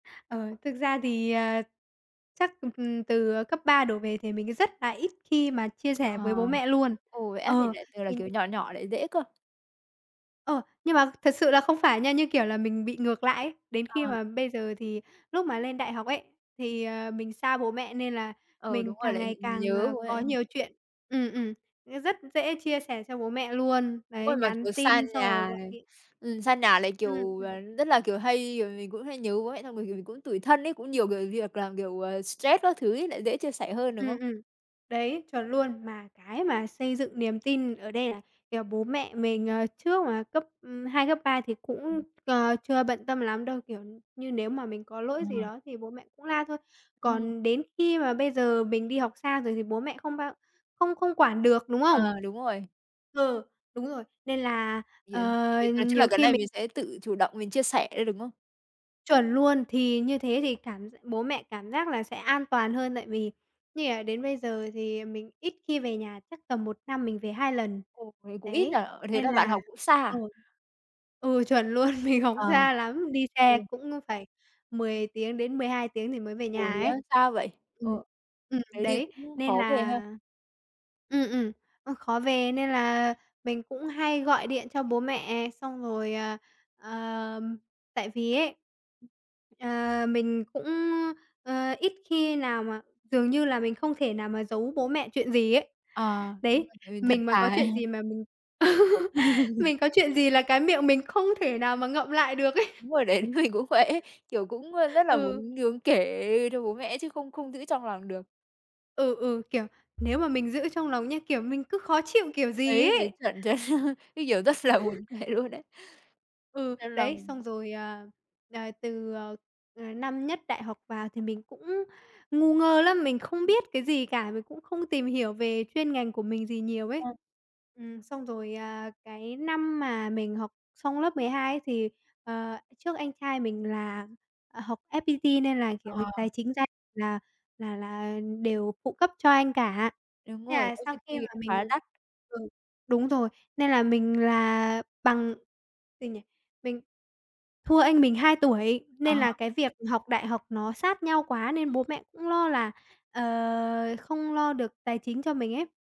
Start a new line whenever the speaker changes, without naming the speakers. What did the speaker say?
Ờ, thực ra thì, ờ, chắc, ừm, ừm, từ, ờ, cấp 3 đổ về thì mình á rất là ít khi mà chia
À.
sẻ với bố mẹ luôn.
Ồ, vậy á? Mình
Ờ,
lại tưởng là,
mình
kiểu, nhỏ nhỏ lại dễ cơ.
Ờ, nhưng mà thật sự là không phải nha, như kiểu là, mình bị ngược lại ấy. Đến khi
À.
mà bây giờ thì lúc mà lên đại học ấy, thì, ờ, mình xa bố mẹ nên là
Ừ, đúng
mình
rồi,
càng
lại nh
ngày càng,
nhớ
ờ,
bố mẹ
có
em.
nhiều chuyện. Ừm, ừm, rất dễ chia sẻ cho bố mẹ luôn,
Đúng
đấy,
rồi, mà,
nhắn
kiểu, xa
tin xong rồi
nhà
gọi
này,
điện.
ừm, xa nhà lại,
Ừm,
kiểu, ờ,
ừm.
rất là, kiểu, hay rồi mình cũng hay nhớ bố mẹ xong rồi, kiểu, mình cũng tủi thân ấy, cũng nhiều gợi việc làm, kiểu, ờ, stress các thứ ấy lại dễ chia sẻ hơn, đúng không?
Ừm, ừm, đấy, chuẩn luôn, mà cái mà xây dựng niềm tin ở đây là, kiểu, bố mẹ mình, ờ, trước mà cấp, ừm, 2, cấp 3 thì cũng,
Ừm.
ờ, chưa bận tâm lắm đâu, kiểu như, nếu mà mình có
Ờ.
lỗi gì đó thì bố mẹ cũng la thôi.
Ừm.
Còn đến khi mà bây giờ mình đi học xa rồi thì bố mẹ không bao không không quản được, đúng không?
À, đúng rồi.
Ừ, đúng rồi, nên là,
Thì,
ờ,
ờ, việc nói chung là
nhiều
cái
khi
này
mình
mình sẽ tự chủ động mình chia sẻ thôi, đúng không?
Chuẩn luôn, thì như thế thì cảm gi bố mẹ cảm giác là sẽ an toàn hơn tại vì như là đến bây giờ thì, ờ, mình ít khi về nhà, chắc tầm 1 năm mình về 2 lần.
Ồ, thế cũng ít nhỉ?
Đấy,
Ờ, thế
nên
là bạn
là
học cũng xa
ờ,
à?
ừ, chuẩn luôn, mình học
Ờ.
xa lắm, đi xe
Ừ.
cũng á phải 10 tiếng đến 12 tiếng thì mới về
Ồ,
nhà
thế
ấy.
á? Xa vậy.
Ừm,
Ừ,
ừm,
thế thì
đấy,
cũng
nên
khó về
là
ha.
ừm, ừm, ơ, khó về nên là mình cũng hay gọi điện cho bố mẹ, xong rồi ờ, ờ, ừm, tại vì ấy, ờ, mình cũng á, ờ, ít khi nào mà dường như là mình không thể nào mà giấu bố mẹ chuyện gì ấy.
Ờ, đúng
Đấy,
là tại mình thật
mình mà có
thà ha.
chuyện gì mà mình mình có chuyện gì là cái miệng mình không thể nào mà ngậm lại được ấy.
Đúng rồi đấy, mình cũng vậy ấy, kiểu, cũng á rất là
Ừm. Ừ.
muốn muốn kể cho bố mẹ chứ không không giữ trong lòng được.
Ừ, ừ, kiểu, nếu mà mình giữ trong lòng nha, kiểu, mình cứ khó chịu kiểu gì
Đấy, đấy,
ấy.
chuẩn, chuẩn cái, kiểu, rất là buồn cười luôn đấy.
Ừ,
Trong
đấy,
lòng.
xong rồi, ờ, ờ, từ, ờ, ờ, năm nhất đại học vào thì mình cũng ngu ngơ lắm, mình không
Ừm.
biết cái gì cả, mình cũng không tìm hiểu về chuyên ngành của mình gì nhiều ấy.
Ờ.
Ừm, xong rồi, à, cái năm mà mình học xong lớp 12 ấy thì, ờ, trước anh trai mình là, ờ, học FPT nên là,
À
kiểu,
hà.
tài chính gia là là là, ờ, đều phụ cấp cho anh cả.
Đúng
Thế
rồi,
là sau khi mà
OTP
mình
khá đắt.
ừ, đúng rồi, nên là mình là bằng gì nhỉ? Mình thua anh mình 2 tuổi
Ờ
nên là
hờ.
cái việc học đại học nó sát nhau quá nên bố mẹ cũng lo là, ờ, không lo được tài chính cho mình ấy.